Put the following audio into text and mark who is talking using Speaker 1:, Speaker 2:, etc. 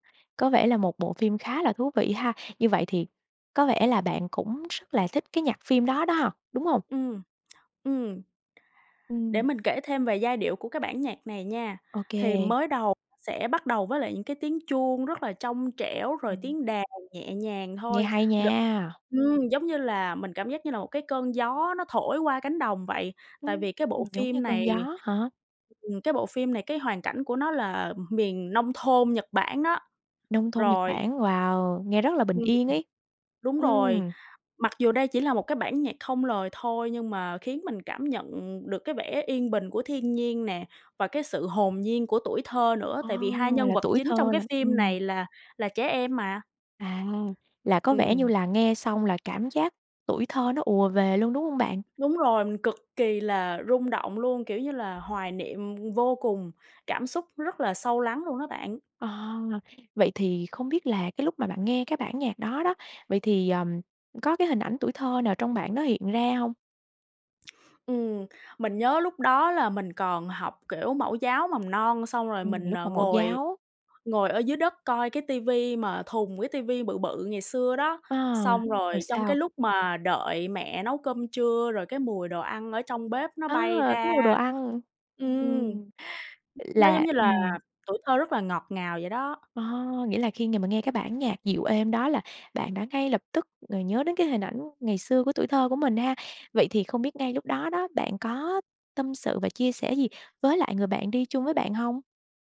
Speaker 1: Có vẻ là một bộ phim khá là thú vị ha, như vậy thì có vẻ là bạn cũng rất là thích cái nhạc phim đó đó, đúng hông?
Speaker 2: Ừm, ừm. Để
Speaker 1: Ừm.
Speaker 2: mình kể thêm về giai điệu của cái bản nhạc này nha. Thì
Speaker 1: OK.
Speaker 2: mới đầu [unintelligible] sẽ bắt đầu với lại những cái tiếng chuông rất là trong trẻo rồi
Speaker 1: Ừm.
Speaker 2: tiếng đàn nhẹ nhàng
Speaker 1: Nghe
Speaker 2: thôi,
Speaker 1: hay
Speaker 2: gần
Speaker 1: nha.
Speaker 2: ừm, giống như là mình cảm giác như là một cái cơn gió nó thổi qua cánh đồng vậy. Tại
Speaker 1: Ừm,
Speaker 2: vì cái
Speaker 1: ừm,
Speaker 2: bộ
Speaker 1: giống như
Speaker 2: phim
Speaker 1: cơn
Speaker 2: này
Speaker 1: gió hả?
Speaker 2: ừm, cái bộ phim này cái hoàn cảnh của nó là, ừm, miền nông thôn Nhật Bản đó.
Speaker 1: Nông thôn Nhật
Speaker 2: Rồi
Speaker 1: Bản. Wow, nghe rất là bình
Speaker 2: Ừm.
Speaker 1: yên ấy.
Speaker 2: Đúng rồi,
Speaker 1: Ừm.
Speaker 2: mặc dù đây chỉ là một cái bản nhạc không lời thôi nhưng mà khiến mình cảm nhận được cái vẻ yên bình của thiên nhiên nè và cái sự hồn nhiên của tuổi thơ nữa,
Speaker 1: Ờ!
Speaker 2: tại vì hai nhân
Speaker 1: Là
Speaker 2: vật
Speaker 1: tuổi
Speaker 2: chính trong
Speaker 1: thơ
Speaker 2: cái
Speaker 1: là
Speaker 2: phim
Speaker 1: ừm.
Speaker 2: này là là trẻ em mà.
Speaker 1: À, là có vẻ như
Speaker 2: Ừm.
Speaker 1: là nghe xong là cảm giác tuổi thơ nó ùa về luôn, đúng hông bạn?
Speaker 2: Đúng rồi, mình cực kỳ là rung động luôn, kiểu như là, hoài niệm, ừm, vô cùng, cảm xúc rất là sâu lắng luôn đó bạn.
Speaker 1: À. Vậy thì không biết là cái lúc mà bạn nghe cái bản nhạc đó đó, vậy thì, ờm, có cái hình ảnh tuổi thơ nào trong bạn nó hiện ra hông?
Speaker 2: Ừm, mình nhớ lúc đó là mình còn học, kiểu, mẫu giáo mầm non, xong rồi
Speaker 1: Ừm,
Speaker 2: mình
Speaker 1: lúc mà
Speaker 2: n
Speaker 1: mẫu
Speaker 2: ngồi
Speaker 1: giáo.
Speaker 2: ngồi ở dưới đất coi cái ti vi mà thùng, cái ti vi bự bự ngày xưa đó.
Speaker 1: A,
Speaker 2: Xong rồi
Speaker 1: rồi
Speaker 2: trong cái
Speaker 1: sao?
Speaker 2: lúc mà đợi mẹ nấu cơm trưa rồi cái mùi đồ ăn ở trong bếp nó
Speaker 1: A!
Speaker 2: bay
Speaker 1: Cái mùi đồ
Speaker 2: ra
Speaker 1: ăn.
Speaker 2: ừm,
Speaker 1: Ừm,
Speaker 2: nó giống
Speaker 1: là
Speaker 2: như là
Speaker 1: ừm.
Speaker 2: tuổi thơ rất là ngọt ngào vậy đó.
Speaker 1: Ờ, nghĩa là khi ng mà nghe cái bản nhạc dịu êm đó là bạn đã ngay lập tức ngồi nhớ đến cái hình ảnh ngày xưa của tuổi thơ của mình ha. Vậy thì không biết ngay lúc đó đó bạn có tâm sự và chia sẻ gì với lại người bạn đi chung với bạn hông?